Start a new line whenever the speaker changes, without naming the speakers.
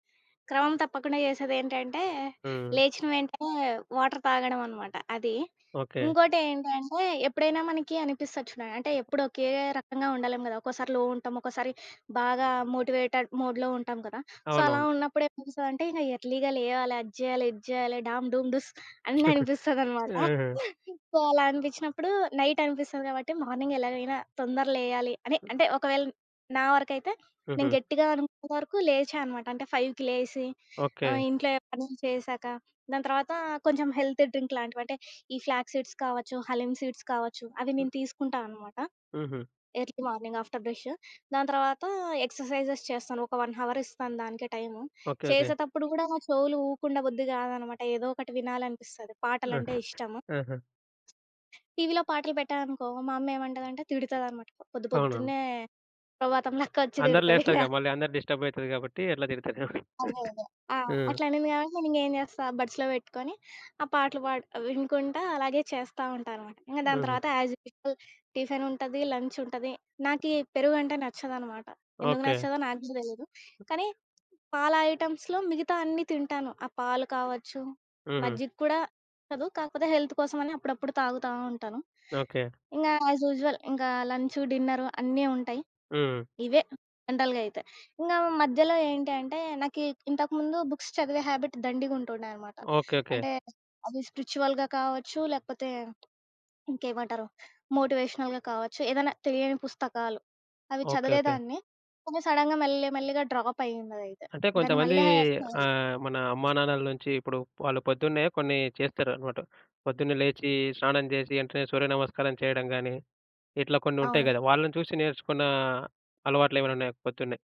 క్రమం తప్పకుండా జేసేదేంటంటే,
హ్మ్.
లేచిన వెంటనే, వాటర్ తాగడమనమాట అది.
ఓకే.
ఇంకోటేంటంటే, ఎప్పుడైనా మనకి అనిపిస్తది చూడండి, అంటే ఎప్పుడోకే రకంగా ఉండలేం గదా! ఒక్కోసారి లో ఉంటాం. ఒక్కోసారి బాగా మోటివేటెడ్ మోడ్‌లో ఉంటాం గదా! సో, అలా
అవునవును.
ఉన్నప్పుడేమనిపిస్తాదంటే, ఇంక ఎర్లీగా లేవాలి, అది జేయాలి, ఇది జేయాలి డామ్, డూమ్, డూస్ అని అనిపిస్తుందనమాట.
ఆహా!
సో, అలా అనిపించినప్పుడు నైట్ అనిపిస్తది గాబట్టి, మార్నింగ్ ఎలాగైనా తొందర లేయాలి అని
హ్మ్.
అంటే ఒకవేళ నా వరకైతే నేను
హుహు.
గట్టిగా అనుకున్నంత వరకు లేచా అనమాట. అంటే 5:00కి లేసి ఆహ్,
ఓకే.
ఇంట్లో పనులు చేసాక, దాని తర్వాత కొంచెం హెల్తీ డ్రింక్ లాంటివంటే, ఈ ఫ్లాగ్ సీడ్స్ కావచ్చు, హలీం సీడ్స్ కావచ్చు అవి నేను
హ్మ్.
తీసుకుంటానమాట.
హుహు.
Early morning after brush. దాని తర్వాత ఎక్సర్‌‌సైజెస్ చేస్తాను. ఒక 1 అవర్ ఇస్తాను దానికే టైము.
ఓకే. ఓకే.
చేసేతప్పుడు కూడా నా చెవులు ఊకుండ బుద్ధి కాదనమాట ఏదో ఒకటి వినాలనిపిస్తది పాటలంటే
ఓకె.
ఇష్టం.
ఆహా!
టీవీలో పాటలు పెట్టాననుకో, మా అమ్మ ఏమంటదంటే తిడతదన్నమాట.
అవునవును.
పొద్దుపొద్దున్నే సుప్రభాతం లెకొచ్చి
అందరూ
తిడతదింగ.
లేస్తారుగా మళ్ళీ అందరు డిస్టర్బ్‌యితారు గాబట్టి అట్లా తిడతరేమో.
అదే, అదే. ఆ!
హ్మ్.
అట్లా అనింది గాబట్టి నేనింగ ఏం చేస్తా? బడ్స్‌లో బెట్టుకొని, ఆ పాటలు బాడి వినుకుంటా అలాగే చేస్తా ఉంటానమాట. ఇంగ దాని
హుహు.
తర్వాత యాజ్ యూజువల్ టిఫినుంటది, లంచుంటది. నాకి పెరుగంటే నచ్చదనమాట. ఎందుకు
ఓకే.
నచ్చదో నాకు గూడా దెలీదు.
హ్మ్.
కానీ, పాల ఐటమ్స్‌లో మిగతా అన్నీ తింటాను. ఆ పాలు కావచ్చు,
హుహు.
మజ్జిగ కూడా నచ్చదు. కాకపోతే హెల్త్ కోసం అని అప్పుడప్పుడు తాగుతా ఉంటాను.
ఓకే.
ఇంగ యాజ్ యూజువల్ ఇంగా లంచు, డిన్నరు అన్నీ ఉంటాయి.
హ్మ్.
ఇవే జనరల్‌గాయితే. ఇంకా మధ్యలో ఏంటి అంటే, నాకి ఇంతకుముందు బుక్స్ చదివే హాబిట్ దండిగుంటుండేనమాట.
ఓకే. ఓకే.
అంటే, అవి స్ప్రిచ్యువల్‌గా కావచ్చు, లేపోతే, ఇంకేమంటారు? మోటివేషనల్‌గా కావచ్చు. ఏదైనా తెలియని పుస్తకాలు అవి
ఓకే. ఓకే.
చదివేదాన్ని. కొన్ని సడన్‌గా మెల్లి, మెల్లిగా డ్రాప్ అయ్యిందదైయితే.
అంటే
దాన్ని
కొంతమంది
మళ్ళీ చదవలే.
ఆహ్, మన అమ్మానాన్నల నుంచి ఇప్పుడు వాళ్ళు పొద్దున్నే కొన్ని చేస్తారనమాట. పొద్దున్నే లేచి స్నానం జేసి, ఏంటనే సూర్యనమస్కారం చేయడం గానీ, ఇట్లా కొన్ని ఉంటాయి
అవును.
గదా! వాళ్ళని చూసి నేర్చుకున్న అలవాట్లెమైనున్నాయా పొద్దున్నే?